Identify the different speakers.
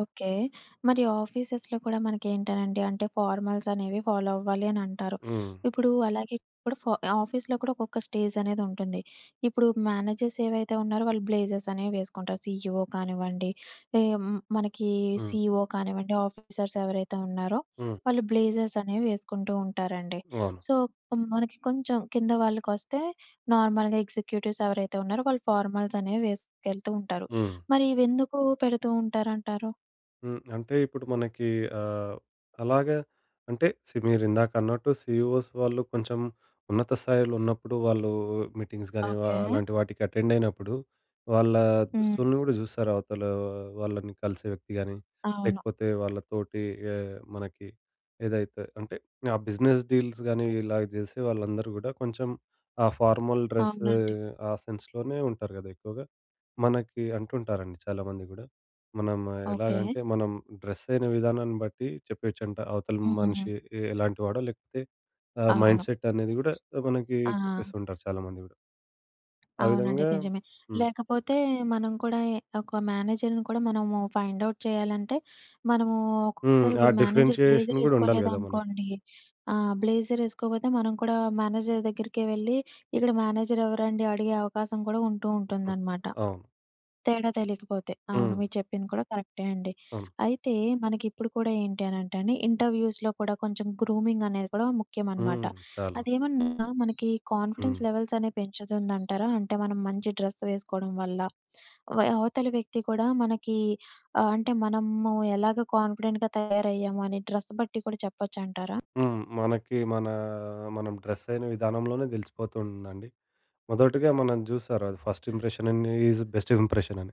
Speaker 1: Okay. మరి ఆఫీసెస్‌లో కూడా మనకేంటనండి అంటే ఫార్మల్సనేవి ఫాలో అవ్వాలి అని అంటారు.
Speaker 2: హ్మ్.
Speaker 1: ఇప్పుడు అలాగే ఇప్పుడు ఫ ఆఫీస్‌లో కూడా ఒక్కొక్క స్టేజనేది ఉంటుంది. ఇప్పుడు మేనేజర్స్ ఏవైతే ఉన్నారో వాళ్ళు బ్లేజర్స్ అనేవి వేసుకుంటారు. సీఈవో కానివ్వండి ఎ మనకి ఈ
Speaker 2: హ్మ్.
Speaker 1: సీఈఓ కానివ్వండి ఆఫీసర్స్ ఎవరైతే ఉన్నారో
Speaker 2: హ్మ్.
Speaker 1: వాళ్ళు బ్లేజర్స్ అనేవి వేసుకుంటూ ఉంటారండి.
Speaker 2: అవును.
Speaker 1: సో, కొ మనకి కొంచెం కింద వాళ్ళకొస్తే నార్మల్‌గా ఎగ్జిక్యూటివ్స్ ఎవరైతే ఉన్నారో వాళ్ళు ఫార్మల్స్ అనేవి వేసుకెళ్తూ ఉంటారు.
Speaker 2: హ్మ్.
Speaker 1: మరి ఇవెందుకు పెడుతూ ఉంటారంటారు?
Speaker 2: హ్మ్. అంటే ఇప్పుడు మనకి ఆహ్, అలాగే అంటే సి మీరు ఇందాక అన్నట్టు సీఈఓస్‌ వాళ్ళు కొంచెం ఉన్నత స్థాయిలో ఉన్నప్పుడు వాళ్ళు మీటింగ్స్ గాని వా
Speaker 1: ఓకే.
Speaker 2: అలాంటి వాటికి అటెండయినప్పుడు వాళ్ళ
Speaker 1: హ్మ్.
Speaker 2: దుస్తుల్ని గూడా చూస్తారు. అవతల వాళ్ళని కలిసే వ్యక్తి గాని
Speaker 1: అవును.
Speaker 2: లేకపోతే వాళ్ళ తోటి ఆహ్, మనకి ఏదైతే అంటే ఆ బిజినెస్ డీల్స్ గానీ ఇలాగ జేసే వాళ్ళందరూ గూడా కొంచెం ఆ ఫార్మల్ డ్రెస్
Speaker 1: అవునండి.
Speaker 2: ఆ సెన్స్‌లోనే ఉంటారు గదా! ఎక్కువగా. మనకి అంటుంటారండి చాలామంది గూడా. మనం
Speaker 1: ఓకే.
Speaker 2: ఎలాగంటే మనం డ్రెస్ అయిన విధానాన్ని బట్టి చెప్పేయొచ్చంట అవతలి
Speaker 1: హ్మ్.
Speaker 2: మనిషి ఎ ఎలాంటి వాడో, లేకపోతే ఆహ్, మైండ్
Speaker 1: అవును.
Speaker 2: సెట్ అనేది గూడా మనకి
Speaker 1: ఆ!
Speaker 2: చెప్పేస్తూ ఉంటారు చాలామంది గూడా. ఆ
Speaker 1: అవునండి
Speaker 2: విధంగా
Speaker 1: నిజమే.
Speaker 2: హ్మ్.
Speaker 1: లేకపోతే మనం కూడా ఎ ఒక మేనేజర్‌ని కూడా మనము ఫైండ్ ఔట్ చేయాలంటే, మనము
Speaker 2: హ్మ్.
Speaker 1: ఒక్కొక్కసారి
Speaker 2: ఆ
Speaker 1: ఇప్పుడు మేనేజర్
Speaker 2: డిఫరెన్షియేషన్
Speaker 1: బ్లేజర్
Speaker 2: గూడా ఉండాలి గదా మనకి.
Speaker 1: ఎసుకోలేదనుకోండి ఆ! బ్లేజర్ ఎసుకోకపోతే, మనం కూడా మేనేజర్ దగ్గరికే వెళ్లి ఇక్కడ మేనేజర్ ఎవరండి అడిగే అవకాశం కూడా ఉంటూ ఉంటుందనమాట.
Speaker 2: అవును.
Speaker 1: తేడా తెలియకపోతే అవును.
Speaker 2: హ్మ్.
Speaker 1: మీరు చెప్పింది కూడా కరెక్టే అండి.
Speaker 2: అవును.
Speaker 1: అయితే మనకిప్పుడు కూడా ఏంటి అనంటే అండి ఇంటర్వ్యూస్‌లో కూడా కొంచెం గ్రూమింగ్ అనేది కూడా ముఖ్యం అనమాట.
Speaker 2: హ్మ్. చాలు.
Speaker 1: అదేమన్నా మనకి కాన్ఫిడెన్స్
Speaker 2: హ్మ్.
Speaker 1: లెవెల్స్ అనేవి పెంచుతుందంటారా? అంటే మనం మంచి డ్రెస్ వేసుకోవడం వల్ల వె అవతలి వ్యక్తి కూడా మనకి ఆహ్ అంటే మనము ఎలాగా కాన్ఫిడెంట్‌గా తయారయ్యాము అని డ్రెస్ బట్టి కూడా చెప్పొచ్చంటారా?
Speaker 2: హ్మ్. మనకి మన మనం డ్రెస్ అయిన విధానంలోనే దెలిసిపోతుందండి. మొదటిగా మనం జూసారు అది first impression in is best impression అని.